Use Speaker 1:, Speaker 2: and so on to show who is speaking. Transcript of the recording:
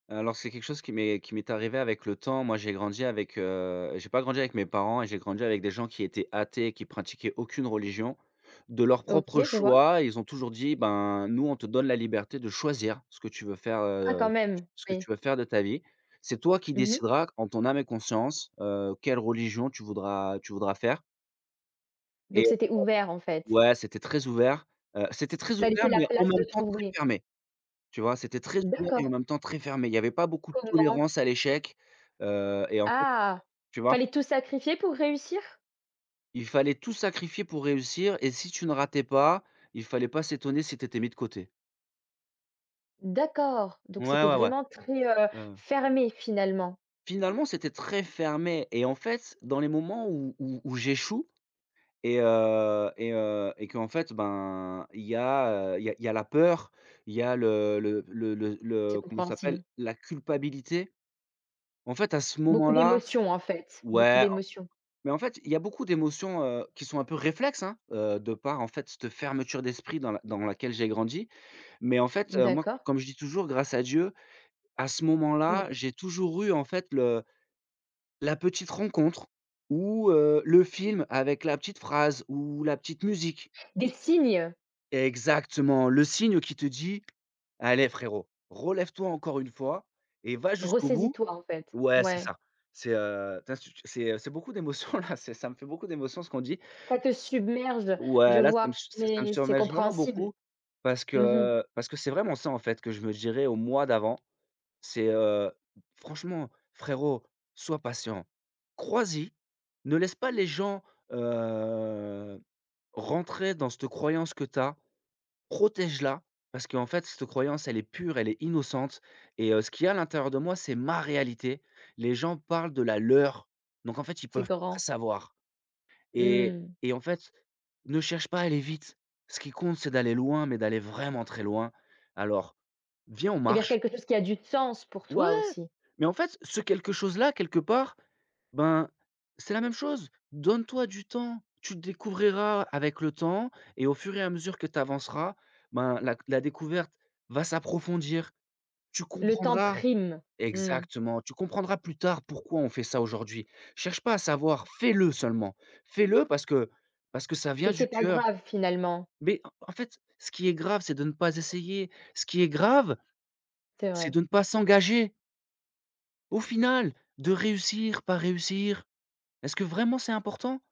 Speaker 1: Heu, alors c'est quelque chose qui m'est qui m'est arrivé avec le temps. Moi, j'ai grandi avec, heu j'ai pas grandi avec mes parents et j'ai grandi avec des gens qui étaient athées et qui pratiquaient aucune religion. De leur propre
Speaker 2: OK, je vois.
Speaker 1: choix ils ont toujours dit: «Ben, nous on te donne la liberté de choisir ce que tu veux faire,
Speaker 2: Ah quand
Speaker 1: heu,
Speaker 2: même!
Speaker 1: ce que
Speaker 2: Oui.
Speaker 1: tu veux faire de ta vie. C'est toi qui
Speaker 2: Mmh mh.
Speaker 1: décideras en ton âme et conscience, heu, quelle religion tu voudras tu voudras faire» et
Speaker 2: Donc c'était ouvert en fait.
Speaker 1: ouais, c'était très ouvert. Heu, c'était très
Speaker 2: Ça
Speaker 1: ouvert,
Speaker 2: laissait la
Speaker 1: mais en
Speaker 2: place de
Speaker 1: même temps très
Speaker 2: trouver.
Speaker 1: fermé. Tu vois? C'était très ouvert et en
Speaker 2: D'accord.
Speaker 1: même temps très fermé. Il y avait pas beaucoup de
Speaker 2: Comment?
Speaker 1: tolérance à l'échec, heu et en fait
Speaker 2: Ah!
Speaker 1: tu vois?
Speaker 2: Fallait tout sacrifier pour réussir?
Speaker 1: Il fallait tout sacrifier pour réussir et si tu ne ratais pas, il fallait pas s'étonner si tu étais mis de côté.
Speaker 2: D'accord, donc
Speaker 1: Ouais,
Speaker 2: c'était
Speaker 1: ouais ouais.
Speaker 2: vraiment très, heu,
Speaker 1: Ouais ouais.
Speaker 2: fermé finalement.
Speaker 1: Finalement, c'était très fermé et en fait, dans les moments où où où j'échoue et heu et heu, et qu'en fait ben, il y a, heu, il y a il y a la peur, il y a le le le le le
Speaker 2: C'est
Speaker 1: comment il s'appelle?
Speaker 2: compréhensible.
Speaker 1: La culpabilité. En fait à ce moment
Speaker 2: Beaucoup
Speaker 1: là
Speaker 2: d'émotion en fait, beaucoup
Speaker 1: ouais en
Speaker 2: d'émotion.
Speaker 1: mais en fait il y a beaucoup d'émotions, heu, qui sont un peu réflexes, hein, heu, de par en fait cette fermeture d'esprit dans laq dans laquelle j'ai grandi. Mais en fait, heu, moi
Speaker 2: D'accord.
Speaker 1: comme je dis toujours, grâce à Dieu à ce moment là,
Speaker 2: Moui.
Speaker 1: j'ai toujours eu en fait le la petite rencontre ou, heu, le film avec la petite phrase, ou la petite musique.
Speaker 2: Des signes!
Speaker 1: Exactement! Le signe qui te dit: «Allez frérot, relève toi encore une fois et va jusqu'au bout!»
Speaker 2: Ressaisis-toi en fait,
Speaker 1: ouais, c'est
Speaker 2: ouais.
Speaker 1: ça. C'est, heu, tu as sut c'est, heu, c'est beaucoup d' émotion là, c'est ça me fait beaucoup d'émotion ce qu'on dit.
Speaker 2: Ça te submerge, je
Speaker 1: Ouais, là ça
Speaker 2: vois,
Speaker 1: me ça me
Speaker 2: mais c'est
Speaker 1: submerge vraiment
Speaker 2: compréhensible.
Speaker 1: beaucoup parce
Speaker 2: Mmh mh.
Speaker 1: que parce que c'est vraiment ça en fait, que je me dirais au moi d'avant. C'est, heu: «Franchement frérot, sois patient, crois-y, ne laisse pas les gens, heu, rentrer dans cette croyance que tu as, protège la. Parce qu'en fait cette croyance, elle est pure, elle est innocente et heu, ce qu'il y a l'intérieur de moi, c'est ma réalité. Les gens parlent de la leur, donc en fait ils
Speaker 2: C'est
Speaker 1: peuvent pas
Speaker 2: grand.
Speaker 1: savoir et
Speaker 2: Mmh.
Speaker 1: et en fait, ne cherche pas à aller vite. Ce qui compte c'est d'aller loin, mais d'aller vraiment très loin. Alors, viens on
Speaker 2: Et vers
Speaker 1: marche».
Speaker 2: quelque chose qui a du sens pour
Speaker 1: Ouais!
Speaker 2: toi aussi.
Speaker 1: Mais en fait, ce quelque chose là quelque part, ben c'est la même chose! «Donne toi du temps, tu découvriras avec le temps et au fur et à mesure que tu avanceras, ben la c la découverte va s'approfondir. Tu
Speaker 2: Le temps
Speaker 1: comprendras»
Speaker 2: prime. Mmh.
Speaker 1: exactement «Tu comprendras plus tard pourquoi on fait ça aujourd'hui. Cherche pas à savoir, fais le seulement! Fais le parce que parce que ça
Speaker 2: Et
Speaker 1: vient du
Speaker 2: c'est pas
Speaker 1: cœur».
Speaker 2: grave finalement.
Speaker 1: Mais en en fait, ce qui est grave c'est de ne pas essayer. Ce qui est grave,
Speaker 2: C'est
Speaker 1: c'est
Speaker 2: vrai.
Speaker 1: de ne pas s'engager. Au final, de réussir, pas réussir, est-ce que vraiment c'est important?